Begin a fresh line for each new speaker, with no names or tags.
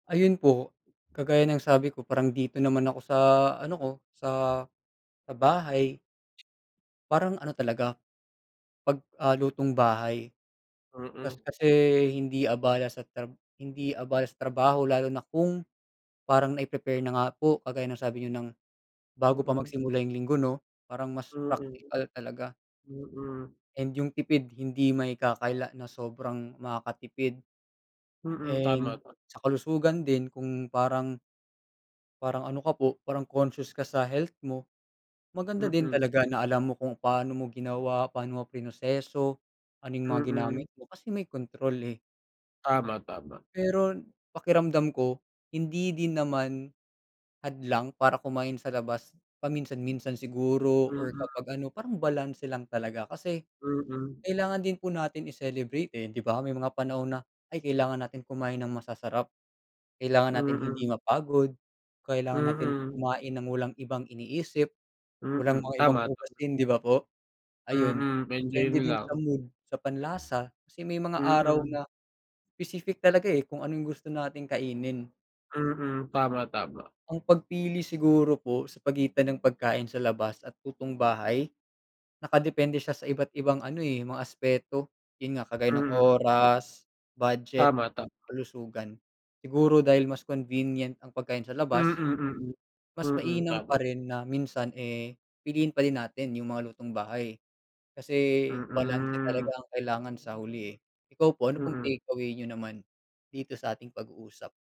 Ayun po. Kagaya ng sabi ko parang dito naman ako sa ano ko, sa sa bahay, parang ano talaga, 'pag, ah, lutong bahay. Kas
Mm.
kasi hindi abala sa trab hindi abala sa trabaho lalo na kung parang nai-prepare na nga po kagaya ng sabi niyo ng bago pa
Mm.
magsimula yung linggo 'no? Parang mas
Mm.
praktikal talaga.
Mm.
And yung tipid hindi maikakaila na sobrang makakatipid.
Mm, tama.
And sa kalusugan din kung parang parang ano ka po, parang conscious ka sa health mo, maganda din
Mm.
talaga na alam mo kung paano mo ginawa, paano mo prinoseso, ano yung mga
Mm.
ginamit mo kasi may kontrol eh.
Tama, tama.
Pero pakiramdam ko, hindi din naman hadlang para kumain sa labas paminsan-minsan siguro or
Mm.
kapag ano, parang balanse lang talaga. Kasi,
Mm.
kailangan din po natin i-celebrate, eh, 'di ba? May mga panahon na, ay kailangan natin kumain ng masasarap, kailangan natin hindi
Mm.
mapagod, kailangan natin
Mhm.
kumain ng walang ibang iniisip, walang
Mm.
mga ibang
Tama, tama.
hugasin, 'di ba po? Ayun.
Mm, enjoy
Depende
mo
din sa
lang.
mood, sa panlasa, kasi may mga araw
Mhm.
na specific talaga, eh, kung ano yung gusto nating kainin.
Mhm, tama, tama.
Ang pagpili siguro po sa pagitan ng pagkain sa labas at lutong bahay, nakadepende siya sa iba't ibang ano, eh, mga aspeto. Yun nga, kagaya ng
Mm.
oras, budget,
Tama, tama.
kalusugan. Siguro dahil mas convenient ang pagkain sa
Mm,
labas,
mm.
mas
Mm.
mainam pa
Tama.
rin na minsan, eh, piliin pa din natin yung mga lutong bahay. Kasi balanse talaga
Mm.
ang kailangan sa huli eh. Ikaw po? Ano pong
Mm.
takeaway niyo naman dito sa ating pag-uusap?